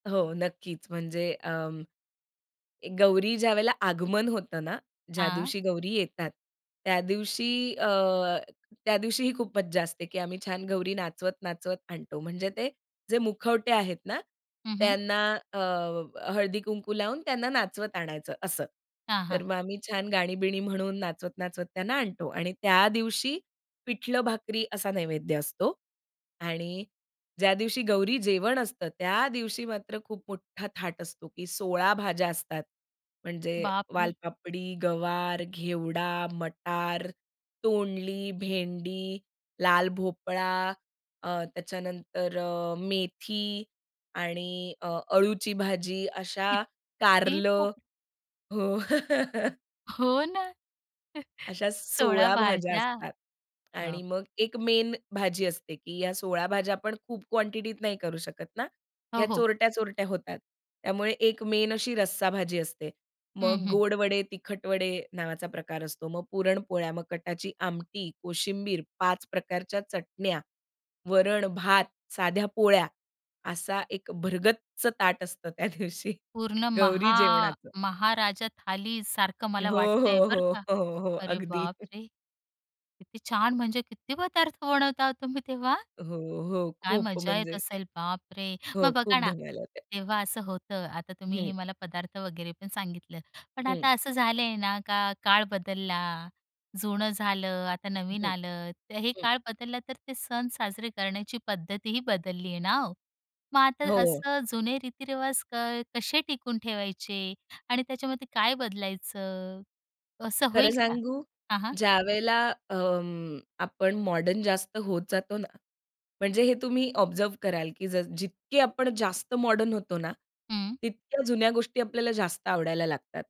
हो. नक्कीच. म्हणजे अंम, गौरी ज्यावेळेला आगमन होतं ना, ज्या हां. दिवशी गौरी येतात, त्या दिवशी अ, त्या दिवशीही खूप मज्जा असते. की आम्ही छान गौरी नाचवत-नाचवत आणतो. म्हणजे ते जे मुखवटे आहेत ना, हं, हं. त्यांना अ, हळदी-कुंकू लावून त्यांना नाचवत आणायचं असं. हां, तर हां. मग आम्ही छान गाणी-बिणी म्हणून नाचवत-नाचवत त्यांना आणतो. आणि त्या दिवशी पिठलं-भाकरी असा नैवेद्य असतो. आणि ज्या दिवशी गौरी जेवण असतं, त्या दिवशी मात्र खूप मोठा थाट असतो, की 16 भाज्या असतात म्हणजे बापरे! वालपापडी, गवार, घेवडा, मटार, तोंडली, भेंडी, लाल भोपळा अ, त्याच्यानंतर अ, मेथी आणि अ, अळूची भाजी की अशा त्ती कारलं. [unintelligible] हो. हो ना. अशा 16 16 भाज्या भाज्या, असतात. आणि बाप मग 1 मेन भाजी असते की या 16 भाज्या आपण खूप क्वांटिटीत नाही करू शकत ना. अ, या हो. चोरट्या-चोरट्या होतात. त्यामुळे 1 मेन अशी रस्सा भाजी असते. हं, मग हं. गोड वडे, तिखट वडे नावाचा प्रकार असतो. मग पुरणपोळ्या मग कटाची आमटी, कोशिंबीर, 5 प्रकारच्या चटण्या, वरण भात, साध्या पोळ्या असा 1 भरगच्च ताट असतं त्या दिवशी पूर्ण गौरी महा जेवणाचं. महाराजा थालीसारखं मला हो, वाटतंय हो, बरं का. हो, हो, हो. अरे अगदी. बापरे! किती छान, म्हणजे किती पदार्थ बनवता तुम्ही तेव्हा? हो, हो. काय खूप मजा येत म्हणजे, असेल? बापरे! हो. मग बघा खूप ना, धमाल होते. तेव्हा असं होतं, आता तुम्ही हं. हे मला पदार्थ वगैरे पण सांगितलं. पण हं. आता असं झालंय ना, का काळ बदलला. जुनं झालं, आता नवीन हं, आलं. तर हे हं. काळ बदलला, तर ते सण साजरे करण्याची पद्धतीही बदलली आहे ना हो. मग आता हो. असं जुने रीतिरिवाज काय कसे टिकून ठेवायचे? आणि त्याच्यामध्ये काय बदलायचं, असं खरं होईल का? सांगू हां, हां. ज्यावेळेला अंम, आपण मॉडर्न जास्त होत जातो ना, म्हणजे हे तुम्ही ऑब्झर्व्ह कराल की जस जितके आपण जास्त मॉडर्न होतो ना हं. तितक्या जुन्या गोष्टी आपल्याला जास्त आवडायला लागतात.